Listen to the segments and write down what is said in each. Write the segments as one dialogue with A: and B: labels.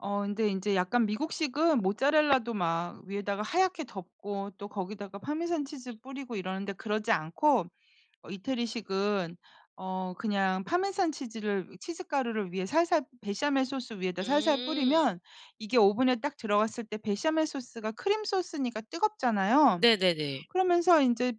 A: 어 인제 인제 약간 미국식은 모차렐라도 막 위에다가 하얗게 덮고 또 거기다가 파마산 치즈 뿌리고 이러는데 그러지 않고 어 이태리식은 어 그냥 파마산 치즈를 치즈 가루를 위에 살살 베샤멜 소스 위에다 살살
B: 음.
A: 뿌리면 이게 오븐에 딱 들어갔을 때 베샤멜 소스가 크림 소스니까 뜨겁잖아요.
B: 네네네.
A: 그러면서 인제 어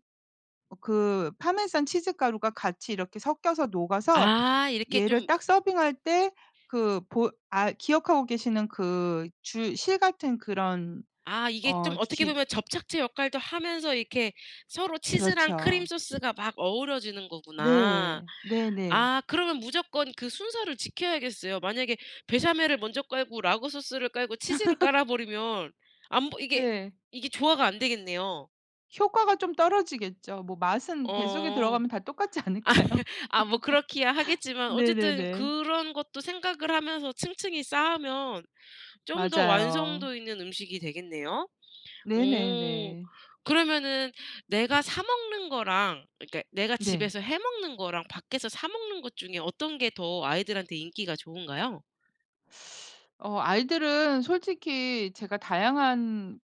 A: 그 파마산 치즈 가루가 같이 이렇게 섞여서 녹아서
B: 아 이렇게
A: 얘를
B: 좀
A: 딱 서빙할 때 그 보 아 기억하고 계시는 그 줄 실 같은 그런
B: 아 이게
A: 어
B: 좀 어떻게
A: 기
B: 보면 접착제 역할도 하면서 이렇게 서로 치즈랑
A: 그렇죠.
B: 크림소스가 막 어우러지는 거구나.
A: 네. 네네.
B: 아 그러면 무조건 그 순서를 지켜야겠어요. 만약에 베샤멜을 먼저 깔고 라구 소스를 깔고 치즈를 깔아버리면 안 보 이게
A: 네.
B: 이게 조화가 안 되겠네요.
A: 효과가 좀 떨어지겠죠. 뭐 맛은 뱃속에
B: 어.
A: 들어가면 다 똑같지 않을까요?
B: 아 뭐 그렇기야 하겠지만 어쨌든
A: 네네네.
B: 그런 것도 생각을 하면서 층층이 쌓으면 좀 더
A: 맞아요.
B: 완성도 있는 음식이 되겠네요. 어.
A: 네네네.
B: 그러면은 내가 사 먹는 거랑 그러니까 내가
A: 네.
B: 집에서 해 먹는 거랑 밖에서 사 먹는 것 중에 어떤 게 더 아이들한테 인기가 좋은가요?
A: 어 아이들은 솔직히 제가 다양한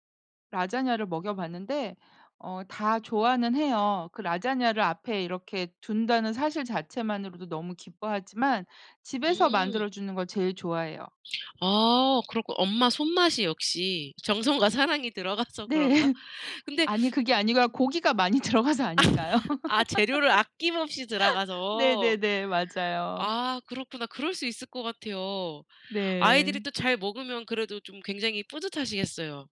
A: 라자냐를 먹여 봤는데 어 다 좋아는 해요. 그 라자냐를 앞에 이렇게 둔다는 사실 자체만으로도 너무 기뻐하지만 집에서
B: 음.
A: 만들어 주는 걸 제일 좋아해요.
B: 어 그러고 엄마 손맛이 역시 정성과 사랑이 들어가서
A: 네.
B: 그런가? 근데
A: 아니 그게 아니고요. 고기가 많이 들어가서 아닐까요?
B: 아 재료를 아낌없이 들어가서.
A: 네네네. 맞아요.
B: 아 그렇구나. 그럴 수 있을 것 같아요. 아이들이
A: 네.
B: 또 잘 먹으면 그래도 좀 굉장히 뿌듯하시겠어요.